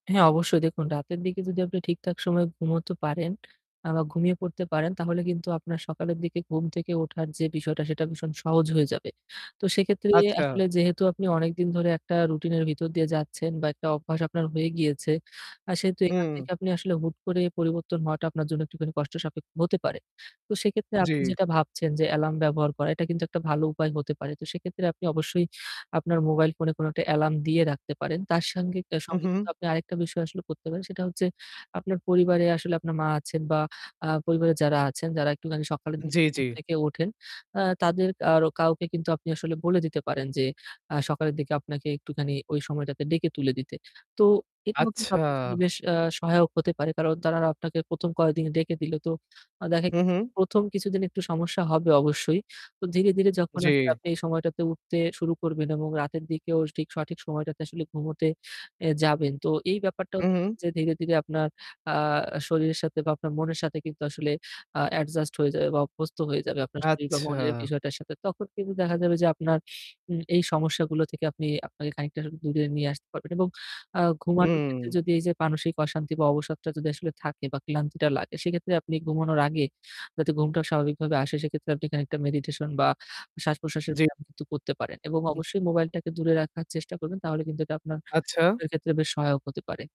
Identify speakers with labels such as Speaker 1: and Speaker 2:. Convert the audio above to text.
Speaker 1: হ্যাঁ অবশ্যই দেখুন রাতের দিকে যদি আপনি ঠিকঠাক সময়ে ঘুমাতে পারেন আ বা ঘুমিয়ে পড়তে পারেন, তাহলে কিন্তু আপনার সকালের দিকে ঘুম থেকে ওঠার যে বিষয়টা সেটা ভীষণ সহজ হয়ে যাবে। তো সেক্ষেত্রে
Speaker 2: আচ্ছা।
Speaker 1: আসলে যেহেতু আপনি অনেকদিন ধরে একটা রুটিন এর ভিতর দিয়ে যাচ্ছেন বা একটা অভ্যাস আপনার হয়ে গিয়েছে। আ সেহেতু এখান
Speaker 2: হুম।
Speaker 1: থেকে আপনি আসলে হুট করে পরিবর্তন হওয়াটা আপনার জন্য একটুখানি কষ্ট সাপেক্ষ হতে পারে। তো সেক্ষেত্রে আপনি
Speaker 2: জ্বি।
Speaker 1: যেটা ভাবছেন যে এলার্ম ব্যবহার করা এটা কিন্তু একটা ভালো উপায় হতে পারে। তো সেক্ষেত্রে আপনি অবশ্যই আপনার মোবাইল ফোনে কোনো একটা এলার্ম দিয়ে রাখতে পারেন। তার সঙ্গে আ
Speaker 2: হু,
Speaker 1: সঙ্গে কিন্তু
Speaker 2: হু।
Speaker 1: আপনি আরেকটা বিষয় আসলে করতে পারেন। সেটা হচ্ছে আপনার পরিবারে আসলে আপনার মা আছেন বা আ পরিবারে যারা আছেন যারা একটুখানি সকালের দিকে
Speaker 2: জ্বি,
Speaker 1: ঘুম
Speaker 2: জ্বি।
Speaker 1: থেকে ওঠেন। আ তাদের আর কাউকে কিন্তু আপনি আসলে বলে দিতে পারেন যে, আ সকালের দিকে আপনাকে একটুখানি ওই সময়টাতে ডেকে তুলে দিতে। তো এটাও কিন্তু
Speaker 2: আচ্ছা।
Speaker 1: আপনার জন্য বেশ আ সহায়ক হতে পারে। কারণ তারা আপনাকে ১ম কয়েকদিন ডেকে দিলো। তো দেখা
Speaker 2: হু,
Speaker 1: গিয়েছে যে
Speaker 2: হু।
Speaker 1: ১ম কিছুদিন একটু সমস্যা হবে অবশ্যই। তো ধীরে, ধীরে যখন
Speaker 2: জ্বি।
Speaker 1: আপনি এই সময়টাতে উঠতে শুরু করবেন এবং রাতের দিকেও ঠিক সঠিক সময়টাতে আসলে ঘুমোতে এ যাবেন। তো এই ব্যাপারটাও
Speaker 2: হু,
Speaker 1: দেখবেন
Speaker 2: হু।
Speaker 1: যে ধীরে, ধীরে আপনার আ শরীরের সাথে বা আপনার মনের সাথে কিন্তু আসলে আ অ্যাডজাস্ট হয়ে যাবে বা অভ্যস্ত হয়ে যাবে আপনার শরীর বা
Speaker 2: আচ্ছা।
Speaker 1: মনের বিষয়টার সাথে। তখন কিন্তু দেখা যাবে যে আপনার উ এই সমস্যাগুলো থেকে আপনি আপনি খানিকটা দূরে নিয়ে আসতে পারবেন। এবং আ ঘুমানোর ক্ষেত্রে
Speaker 2: হুম।
Speaker 1: যদি এইযে মানসিক অশান্তি বা অবসরটা যদি আসলে থাকে বা ক্লান্তিটা লাগে সেক্ষেত্রে আপনি ঘুমানোর আগে যাতে ঘুমটা স্বাভাবিকভাবে আসে, সেক্ষেত্রে আপনি খানিকটা মেডিটেশন বা শ্বাস-প্রশ্বাসের
Speaker 2: জ্বী।
Speaker 1: ব্যায়াম কিন্তু করতে পারেন। এবং
Speaker 2: হু।
Speaker 1: অবশ্যই মোবাইলটাকে দূরে রাখার চেষ্টা করবেন তাহলে কিন্তু এটা আপনার
Speaker 2: আচ্ছা।
Speaker 1: ঘুমের ক্ষেত্রে বেশ সহায়ক হতে পারে।